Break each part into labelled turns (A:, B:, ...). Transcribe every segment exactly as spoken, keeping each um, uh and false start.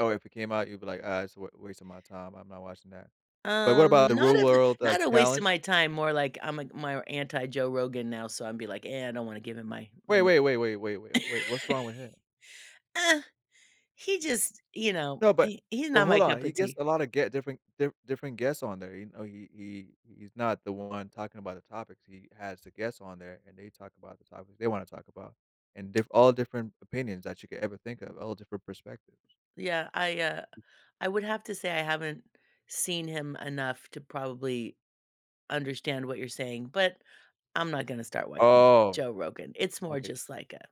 A: Oh, if it came out, you'd be like, "Ah, it's a w waste of my time, I'm not watching that." But what
B: Um,
A: about The Real
B: not of th
A: World, like,
B: not a waste of
A: Challenge?
B: my time, more like I'm a m more anti-Joe Rogan now, so I'd be like, "Eh, I don't wanna give him my my
A: Wait,
B: m"
A: wait, wait, wait, wait, wait, wait, what's wrong with him?
B: Eh, he just, you know,
A: No. But
B: he he's
A: but
B: not
A: hold
B: my
A: on.
B: cup
A: He
B: of
A: gets
B: tea.
A: a lot of ge different dif d different guests on there, he oh, he he he's not the one talking about the topics, he has the guests on there, and they talk about the topics they wanna talk about and diff all different opinions that you could ever think of, all different perspectives.
B: Yeah. I, uh, I would have to say I haven't seen him enough to probably understand what you're saying, but I'm not gonna start watching
A: Oh,
B: Joe Rogan, it's more
A: okay.
B: just like a,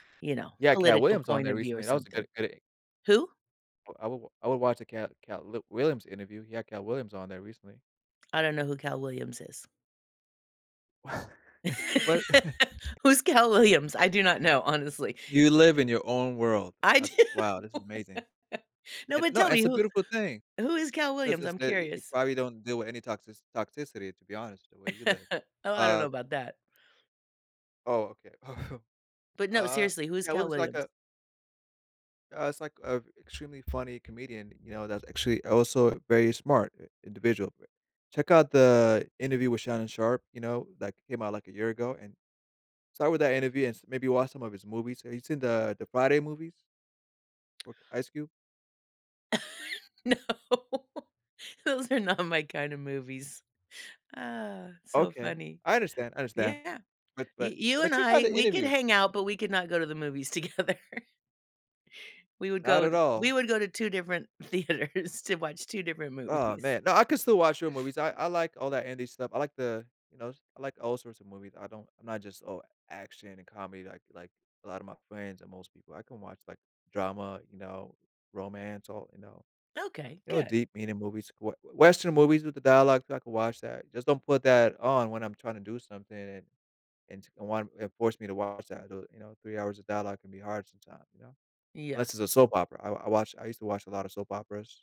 B: you know,
A: He had Katt
B: political
A: Williams on
B: point
A: there
B: of view or
A: recently, that was a good
B: something.
A: good e
B: Who?
A: Uh, I wol I would watch the Katt Katt l Williams interview, he had Katt Williams on there recently.
B: I don't know who Cal Williams is.
A: Well
B: Who's Cal Williams? I do not know, honestly.
A: You live in your own world.
B: I do.
A: That's wow, this is amazing.
B: No,
A: Eh,
B: but
A: no,
B: tell me
A: it's a
B: who
A: beautiful thing,
B: who is Cal
A: 'cause
B: Williams,
A: it's
B: I'm
A: the y you
B: curious?
A: probably don't deal with any toxici toxicity, to be honest, the way you live.
B: Oh, I don't know
A: Uh
B: about that.
A: Oh, okay.
B: But, no,
A: Uh,
B: seriously, who's
A: Katt
B: Cal
A: Williams like
B: Williams?
A: a uh, it's, like, uh, extremely funny comedian, you know, that's actually also a very smart i individual b check out the interview with Shannon Sharpe, you know, that came out, like, a year ago, and start with that interview and s maybe watch some of his movies, have you seen the the Friday movies with Ice Cube?
B: No. Those are not my kind of movies. Uh, so
A: Okay.
B: funny.
A: I understand, I understand.
B: Yeah.
A: But
B: You
A: but
B: you
A: but
B: and
A: check out
B: I,
A: the
B: we could
A: interview.
B: hang out, but we could not go to the movies together. We would
A: Not
B: go
A: at
B: t we
A: all.
B: would go to two different theaters to watch two different
A: Oh
B: movies.
A: man. No, I could still watch your movies, I I like all that indie stuff, I like the, you know, I like all sorts of movies, I don't and not just all action and comedy like like a lotta my friends and most people, I can watch, like, drama, you know, romance, or, you know.
B: Okay.
A: You know,
B: Good.
A: deep meaning movies, w western movies with the dialogue so I can watch that, just don't put that on when I'm trying to do something and and to and one and force me to watch, though, you know, three hours of dialogue can be hard sometimes, you know, unless
B: Yeah.
A: it's a soap opera, I I watch I used to watch a lot of soap operas.